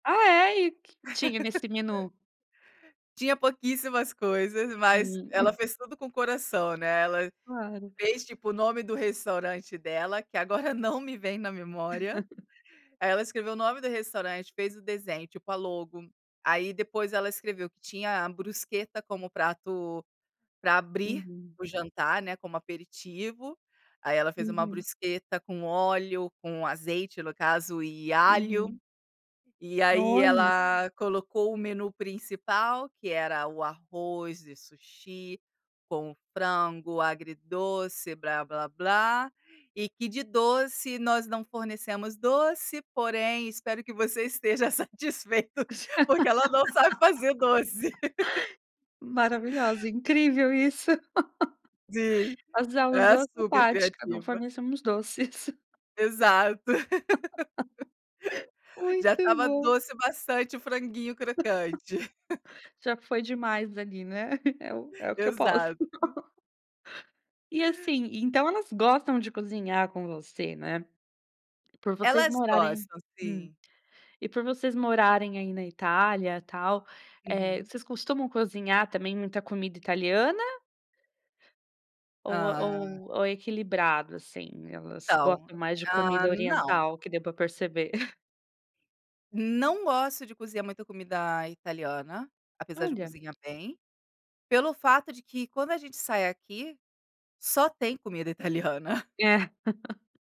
Ah, é, e o que tinha nesse menu? Tinha pouquíssimas coisas, mas ela Hum. fez tudo com o coração, né. Ela Claro. fez tipo o nome do restaurante dela, que agora não me vem na memória. Aí, ela escreveu o nome do restaurante, fez o desenho, tipo a logo. Aí depois ela escreveu que tinha a bruschetta como prato para abrir Uhum. o jantar, né, como aperitivo. Aí, ela fez uma Uhum. bruschetta com óleo, com azeite, no caso, e alho. Uhum. E aí, Olha. ela colocou o menu principal que era o arroz e sushi com frango agridoce, "blá-blá-blá" e que "de doce, nós não fornecemos doce, porém espero que você esteja satisfeito", porque ela não sabe fazer doce. Maravilhosa, incrível isso. Sim, é [unintelligible] não supercriativa. fornecemos doces. Exato. Já Muito estava bom. doce bastante o franguinho crocante. Já foi demais ali, né. É o é o que eu posso. Exato. E, assim, então elas gostam de cozinhar com você, né? Por vocês Elas morarem gostam, Hum. sim. E por vocês morarem aí na Itália, tal, eh, Uhum. vocês costumam cozinhar também muita comida italiana ou Ah. ou ou é equilibrado assim? Elas Então, gostam mais de ah, comida não. oriental, que deu para perceber. Não gosto de cozinhar muita comida italiana, apesar de eu Olha. cozinhar bem, pelo fato de que, quando a gente sai aqui, só tem comida italiana. É.